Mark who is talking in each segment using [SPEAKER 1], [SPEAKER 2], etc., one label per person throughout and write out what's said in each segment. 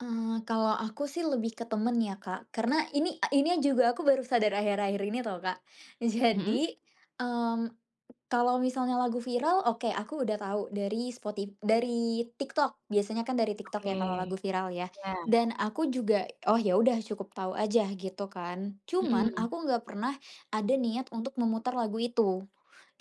[SPEAKER 1] Eee, kalau aku sih lebih ke temen ya, Kak, karena ini a ininya juga aku baru sadar akhir-akhir ini tau, Kak.
[SPEAKER 2] Mhm.
[SPEAKER 1] Jadi, mmm, kalau misalnya lagu viral oke, aku udah tahu dari spoti dari TikTok biasanya kan dari TikTok
[SPEAKER 2] Oke,
[SPEAKER 1] ya kalau lagu viral ya.
[SPEAKER 2] iya.
[SPEAKER 1] Dan aku juga, "Oh ya udah cukup tahu aja," gitu kan. Cuman,
[SPEAKER 2] Mhm.
[SPEAKER 1] aku nggak pernah ada niat untuk memutar lagu itu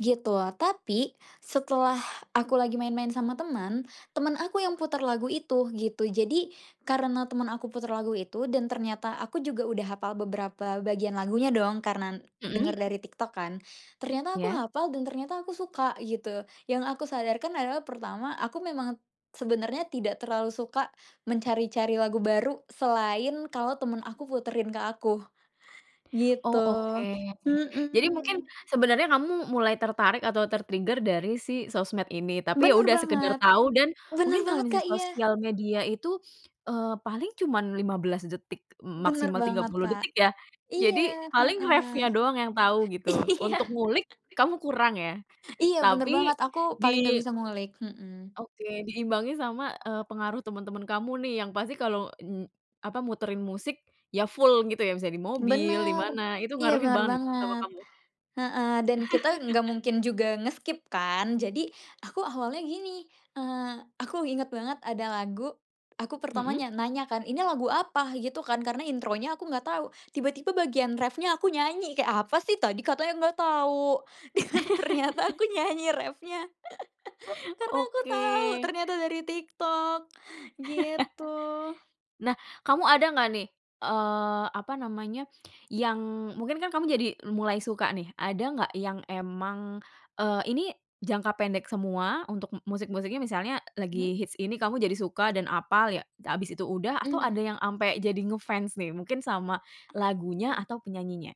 [SPEAKER 1] gitu. Tapi setelah aku lagi main-main sama teman, temen aku yang putar lagu itu gitu. Jadi karena temen aku putar lagu itu dan ternyata aku juga udah hafal beberapa bagian lagunya dong karena denger
[SPEAKER 2] Mhm.
[SPEAKER 1] dari TikTok kan. Ternyata aku
[SPEAKER 2] Ya.
[SPEAKER 1] hafal dan ternyata aku suka gitu. Yang aku sadarkan adalah pertama aku memang sebenarnya tidak terlalu suka mencari-cari lagu baru selain kalau temen aku puterin ke aku
[SPEAKER 2] Oh,
[SPEAKER 1] gitu,
[SPEAKER 2] oke. Jadi mungkin
[SPEAKER 1] mhm.
[SPEAKER 2] sebenarnya kamu mulai tertarik atau ter-trigger dari si sosmed ini. Tapi ya
[SPEAKER 1] Bener
[SPEAKER 2] udah sekedar
[SPEAKER 1] banget.
[SPEAKER 2] tau dan
[SPEAKER 1] Bener
[SPEAKER 2] mungkin kalau
[SPEAKER 1] banget, Kak, iya.
[SPEAKER 2] sosial media itu, eee, paling cuman 15 detik m
[SPEAKER 1] Bener
[SPEAKER 2] maksimal tiga
[SPEAKER 1] banget,
[SPEAKER 2] puluh
[SPEAKER 1] Kak,
[SPEAKER 2] detik ya. Jadi
[SPEAKER 1] iya,
[SPEAKER 2] paling
[SPEAKER 1] heeh.
[SPEAKER 2] reffnya doang yang tahu gitu
[SPEAKER 1] Iya.
[SPEAKER 2] untuk ngulik kamu kurang ya,
[SPEAKER 1] Iya bener
[SPEAKER 2] tapi
[SPEAKER 1] banget aku paling nggak
[SPEAKER 2] di
[SPEAKER 1] bisa ngulik, mhm.
[SPEAKER 2] Oke, diimbangi sama, eee, pengaruh teman-teman kamu nih yang pasti kalau, mmm, apa muterin musik ya full gitu ya bisa di mobil, di
[SPEAKER 1] Bener.
[SPEAKER 2] mana itu
[SPEAKER 1] Iya
[SPEAKER 2] ngaruhin
[SPEAKER 1] bener
[SPEAKER 2] banget sama
[SPEAKER 1] banget,
[SPEAKER 2] kamu.
[SPEAKER 1] heeh. Dan kita nggak mungkin juga nge-skip kan jadi aku awalnya gini, eee, aku inget banget ada lagu aku
[SPEAKER 2] Mhm.
[SPEAKER 1] pertamanya nanya kan, "Ini lagu apa?" gitu kan, karena intronya aku nggak tahu tiba-tiba bagian reffnya aku nyanyi, kayak "Apa sih tadi katanya nggak tahu," dan ternyata aku nyanyi reffnya karena aku
[SPEAKER 2] Oke.
[SPEAKER 1] tahu ternyata dari TikTok gitu.
[SPEAKER 2] Nah, kamu ada nggak nih, eee, apa namanya, yang mungkin kan kamu jadi mulai suka nih, ada nggak yang emang, eee, ini jangka pendek semua untuk musik-musiknya, misalnya
[SPEAKER 1] Hmm.
[SPEAKER 2] lagi hits ini kamu jadi suka dan apal ya, habis itu udah, atau ada
[SPEAKER 1] Mhm.
[SPEAKER 2] yang sampai jadi nge-fans nih, mungkin sama
[SPEAKER 1] Ah
[SPEAKER 2] lagunya
[SPEAKER 1] iya.
[SPEAKER 2] atau penyanyinya?